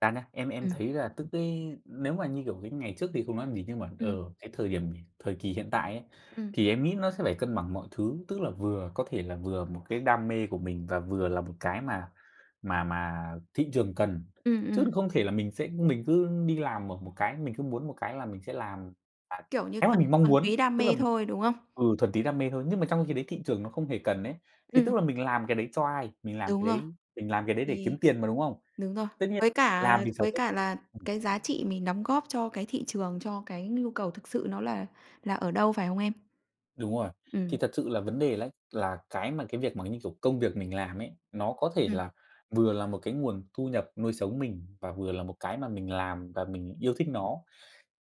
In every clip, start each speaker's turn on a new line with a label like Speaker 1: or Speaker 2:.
Speaker 1: Ra nhá, em em
Speaker 2: Ừm.
Speaker 1: thấy là tức cái nếu mà, như kiểu, cái ngày trước thì không nói làm gì, nhưng mà,
Speaker 2: Ừm.
Speaker 1: ờ, cái thời điểm thời kỳ hiện tại ấy
Speaker 2: Ừm.
Speaker 1: thì em nghĩ nó sẽ phải cân bằng mọi thứ, tức là vừa có thể là vừa một cái đam mê của mình và vừa là một cái mà mà mà thị trường cần.
Speaker 2: Ừm,
Speaker 1: Chứ
Speaker 2: ừm.
Speaker 1: không thể là mình sẽ mình cứ đi làm ở một cái mình cứ muốn một cái là mình sẽ làm, à,
Speaker 2: Kiểu như
Speaker 1: cái mà
Speaker 2: phần
Speaker 1: mình mong
Speaker 2: thuần túy
Speaker 1: muốn,
Speaker 2: đam
Speaker 1: tức là
Speaker 2: mê
Speaker 1: mình
Speaker 2: thôi, đúng không?
Speaker 1: ừ, thuần túy đam mê thôi, nhưng mà trong khi đấy thị trường nó không hề cần ấy. Thì tức
Speaker 2: Ừm.
Speaker 1: là mình làm cái đấy cho ai? Mình làm cái
Speaker 2: Đúng rồi.
Speaker 1: đấy mình làm cái đấy để
Speaker 2: Thì
Speaker 1: kiếm tiền mà, đúng không?
Speaker 2: đúng rồi.
Speaker 1: Tất nhiên
Speaker 2: Với cả
Speaker 1: làm vì sở
Speaker 2: với
Speaker 1: thích.
Speaker 2: cả là
Speaker 1: Ừm.
Speaker 2: cái giá trị mình đóng góp cho cái thị trường, cho cái nhu cầu thực sự nó là là ở đâu, phải không em?
Speaker 1: Đúng rồi. Thì
Speaker 2: Ừm.
Speaker 1: thật sự là vấn đề lấy là cái mà cái việc mà, như kiểu, công việc mình làm ấy, nó có thể
Speaker 2: Ừm.
Speaker 1: là vừa là một cái nguồn thu nhập nuôi sống mình và vừa là một cái mà mình làm và mình yêu thích nó.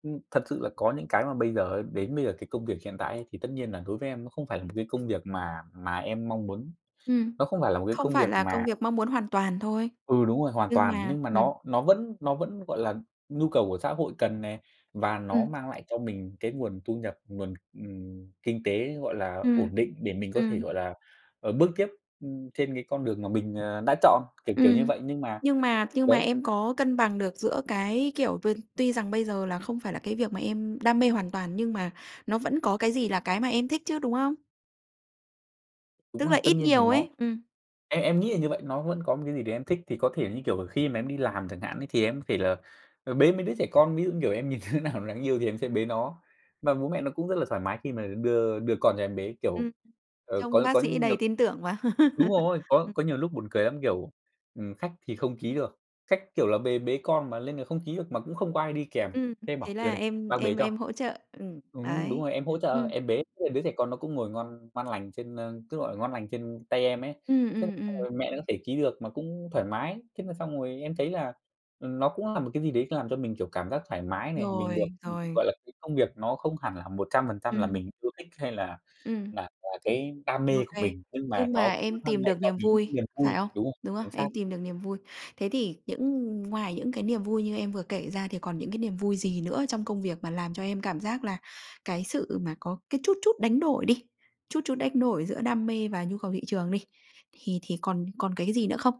Speaker 1: Ừm, thật sự là có những cái mà bây giờ đến bây giờ cái công việc hiện tại ấy thì tất nhiên là đối với em nó không phải là một cái công việc mà mà em mong muốn.
Speaker 2: Ừm.
Speaker 1: Nó không phải là một cái
Speaker 2: Không
Speaker 1: công
Speaker 2: phải
Speaker 1: việc
Speaker 2: là
Speaker 1: mà
Speaker 2: công việc mong muốn hoàn toàn thôi.
Speaker 1: Ừ, đúng rồi, hoàn
Speaker 2: Nhưng
Speaker 1: toàn,
Speaker 2: mà
Speaker 1: nhưng mà
Speaker 2: ừm.
Speaker 1: nó nó vẫn nó vẫn, gọi là, nhu cầu của xã hội cần này, và nó
Speaker 2: Ừm.
Speaker 1: mang lại cho mình cái nguồn thu nhập, nguồn, ừm, kinh tế, gọi là,
Speaker 2: Ừm.
Speaker 1: ổn định để mình có thể,
Speaker 2: Ừm.
Speaker 1: gọi là, ờ, bước tiếp, ưm, trên cái con đường mà mình, ờ, đã chọn, kiểu, kiểu như
Speaker 2: Ừm.
Speaker 1: vậy, nhưng mà
Speaker 2: Nhưng mà nhưng mà
Speaker 1: đấy.
Speaker 2: em có cân bằng được giữa cái, kiểu, v tuy rằng bây giờ là không phải là cái việc mà em đam mê hoàn toàn, nhưng mà nó vẫn có cái gì là cái mà em thích chứ, đúng không?
Speaker 1: Đúng
Speaker 2: Tức
Speaker 1: là
Speaker 2: là
Speaker 1: tất
Speaker 2: ít
Speaker 1: nhiên thì
Speaker 2: nhiều
Speaker 1: nó
Speaker 2: ấy. Ừm.
Speaker 1: em em nghĩ là như vậy. Nó vẫn có một cái gì để em thích thì có thể là, như kiểu, khi mà em đi làm chẳng hạn thì em có thể là, ờ, bế mấy đứa trẻ con, ví dụ, như kiểu, em nhìn đứa nào đáng yêu thì em sẽ bế nó. Mà bố mẹ nó cũng rất là thoải mái khi mà đưa đưa con cho em bế, kiểu,
Speaker 2: Ừm.
Speaker 1: ờ,
Speaker 2: Trông
Speaker 1: có
Speaker 2: bác
Speaker 1: có
Speaker 2: sĩ
Speaker 1: nh
Speaker 2: đầy tin tưởng mà.
Speaker 1: đúng rồi, có
Speaker 2: Ừm.
Speaker 1: có nhiều lúc buồn cười lắm, kiểu, ừm, khách thì không ký được, khách, kiểu là, bề bế con mà lên là không ký được mà cũng không có ai đi kèm,
Speaker 2: Ừm.
Speaker 1: thế em bảo:
Speaker 2: Thế
Speaker 1: "Đưa
Speaker 2: là
Speaker 1: đây,
Speaker 2: em
Speaker 1: bác bế
Speaker 2: em
Speaker 1: cho."
Speaker 2: em hỗ trợ. Ừm.
Speaker 1: Ừm, đúng
Speaker 2: Đấy.
Speaker 1: rồi, em hỗ trợ
Speaker 2: Ừm.
Speaker 1: em bế bế đứa trẻ con nó cũng ngồi ngon ngon lành trên, ơ, cứ, gọi là, ngon lành trên tay em ấy.
Speaker 2: Ừm,
Speaker 1: Thế
Speaker 2: ừm,
Speaker 1: xong
Speaker 2: ừm.
Speaker 1: rồi mẹ nó có thể ký được mà cũng thoải mái. Thế là xong rồi em thấy là, ừm, nó cũng là một cái gì đấy làm cho mình, kiểu, cảm giác thoải mái này, mình được,
Speaker 2: Rồi, rồi.
Speaker 1: gọi là cái công việc nó không hẳn là 100% là
Speaker 2: Ừm.
Speaker 1: mình yêu thích, hay là
Speaker 2: Ừm.
Speaker 1: là là cái đam
Speaker 2: Ô
Speaker 1: mê của
Speaker 2: kê.
Speaker 1: mình, nhưng mà
Speaker 2: Nhưng
Speaker 1: nó
Speaker 2: mà
Speaker 1: cũng
Speaker 2: em
Speaker 1: mang
Speaker 2: tìm
Speaker 1: lại
Speaker 2: được
Speaker 1: cho
Speaker 2: niềm
Speaker 1: mình
Speaker 2: vui,
Speaker 1: những niềm
Speaker 2: phải
Speaker 1: vui,
Speaker 2: không?
Speaker 1: đúng không?
Speaker 2: Đúng không?
Speaker 1: Chính
Speaker 2: Em
Speaker 1: xác.
Speaker 2: tìm được niềm vui. Thế thì những ngoài những cái niềm vui như em vừa kể ra thì còn những cái niềm vui gì nữa trong công việc mà làm cho em cảm giác là cái sự mà có cái chút chút đánh đổi đi, chút chút đánh đổi giữa đam mê và nhu cầu thị trường đi, thì thì còn còn cái gì nữa không?